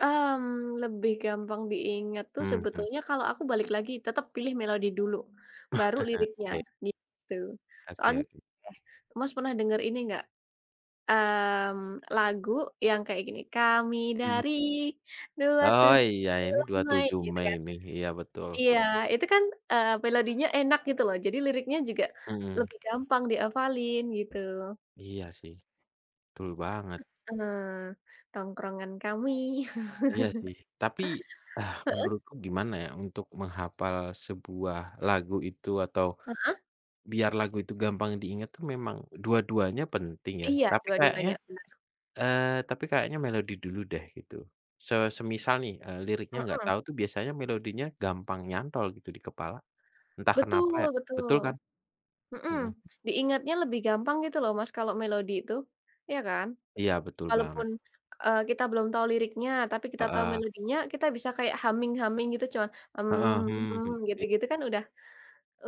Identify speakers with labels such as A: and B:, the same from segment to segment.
A: Mmm, lebih gampang diingat tuh
B: Mhm.
A: sebetulnya kalau aku balik lagi, tetap pilih melodi dulu, baru liriknya,
B: Oke.
A: gitu.
B: Oke
A: Soalnya
B: oke.
A: oke, Mas pernah denger ini nggak, mmm, lagu yang kayak gini, kami
B: Mhm.
A: dari, dua
B: Oh,
A: tujuh
B: iya. Ini,
A: bulan
B: dua
A: Mei,
B: tujuh
A: gitu
B: Mei
A: kan.
B: ini, iya, betul.
A: Iya, itu kan, eee, melodinya enak gitu loh, jadi liriknya juga
B: Mhm.
A: lebih gampang dihafalin, gitu.
B: Iya sih, betul banget.
A: Heeh, tongkrongan kami.
B: Iya, sih. Tapi, ah,
A: Heeh?
B: menurutku gimana ya, untuk menghafal sebuah lagu itu, atau
A: Heeh.
B: biar lagu itu gampang diingat tuh memang dua-duanya penting ya,
A: Iya,
B: tapi kayaknya,
A: dua-duanya, benar.
B: eee, tapi kayaknya melodi dulu deh, gitu. Se semisal nih, eee, liriknya nggak
A: Heeh.
B: tahu tuh biasanya melodinya gampang nyantol gitu di kepala. Entah kenapa ya,
A: Betul
B: betul kan?
A: betul. Mhm,
B: Mhm.
A: diingatnya lebih gampang gitu loh Mas, kalau melodi itu, iya kan?
B: Iya, betul banget.
A: Kalaupun, eee, kita belum tahu liriknya tapi kita tahu
B: Heeh.
A: melodinya, kita bisa kayak humming-humming gitu, cuma
B: Heeh, hmm hmm, i
A: gitu-gitu kan udah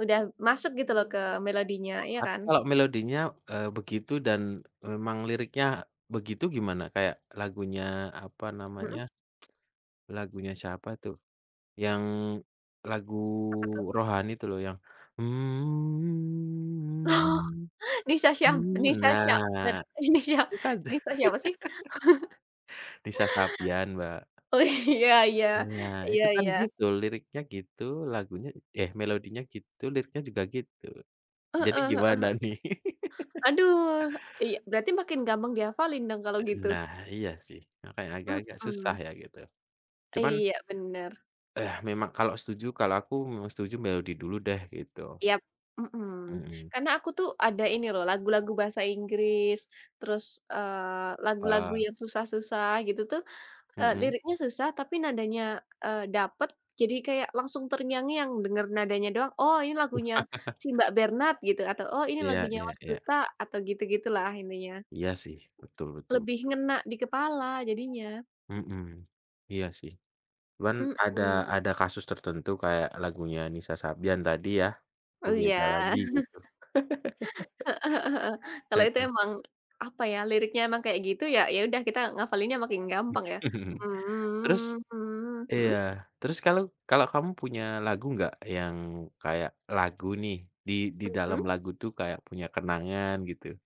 A: udah masuk gitu loh ke melodinya, iya
B: Tapi
A: kan?
B: kalau melodinya, eee, begitu, dan memang liriknya begitu, gimana? Kayak lagunya, apa namanya,
A: Mhm.
B: lagunya siapa itu, yang lagu
A: Apa, tuh?
B: rohani itu loh, yang,
A: Oh! Nissa Syah Nissa Syakban?
B: nah,
A: Nissa
B: itu kan
A: Nissa siapa sih?
B: Nissa Sabyan, Mbak.
A: Oh, iya iya.
B: Nah,
A: Iya
B: itu kan
A: iya.
B: gitu, liriknya gitu, lagunya eh, melodinya gitu liriknya juga gitu.
A: Heeh
B: Jadi,
A: heeh
B: gimana
A: heeh.
B: nih?
A: Aduh, iy berarti makin gampang dihafalin dong, kalau
B: Eee,
A: gitu?
B: nah, iya, sih. Makanya agak-agak susah
A: Mhm.
B: ya, gitu. Cuman
A: Iya, benar
B: eh, memang kalau setuju kalau aku, memang setuju melodi dulu deh, gitu.
A: Yap! Mhm.
B: Mhm.
A: Karena aku tuh ada ini loh, lagu-lagu bahasa Inggris, terus, eee, lagu-lagu
B: Heeh.
A: yang susah-susah gitu tuh, eee,
B: Mhm.
A: liriknya susah tapi nadanya, eee, dapat, jadi kayak langsung terngiang-ngiang dengar nadanya doang, "Oh, ini lagunya, si Mbak Bernad," gitu, atau, "Oh, ini
B: Iya
A: lagunya,
B: iya
A: Mas
B: iya.
A: Duta," atau, gitu-gitu lah intinya.
B: Iya, sih, betul betul
A: Lebih
B: betul.
A: ngena di kepala jadinya.
B: Mhm. Iya, sih. Cuman ada
A: Mhm.
B: ada kasus tertentu kayak lagunya Nissa Sabyan tadi ya, itu
A: Oh, iya.
B: beda lagi gitu.
A: Heeh heeh heeh. Kalau itu
B: Heeh.
A: memang, apa ya, liriknya memang kayak gitu, ya ya udah kita ngafalinnya makin gampang, ya?
B: Terus iya,
A: Mhm?
B: terus kalu kalau kamu punya lagu nggak, yang kayak lagu nih, di di
A: Mhm.
B: dalam lagu tuh kayak punya kenangan, gitu?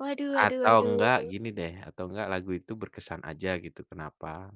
A: Waduh waduh
B: Atau
A: waduh.
B: enggak, gini deh atau enggak lagu itu berkesan aja gitu, kenapa?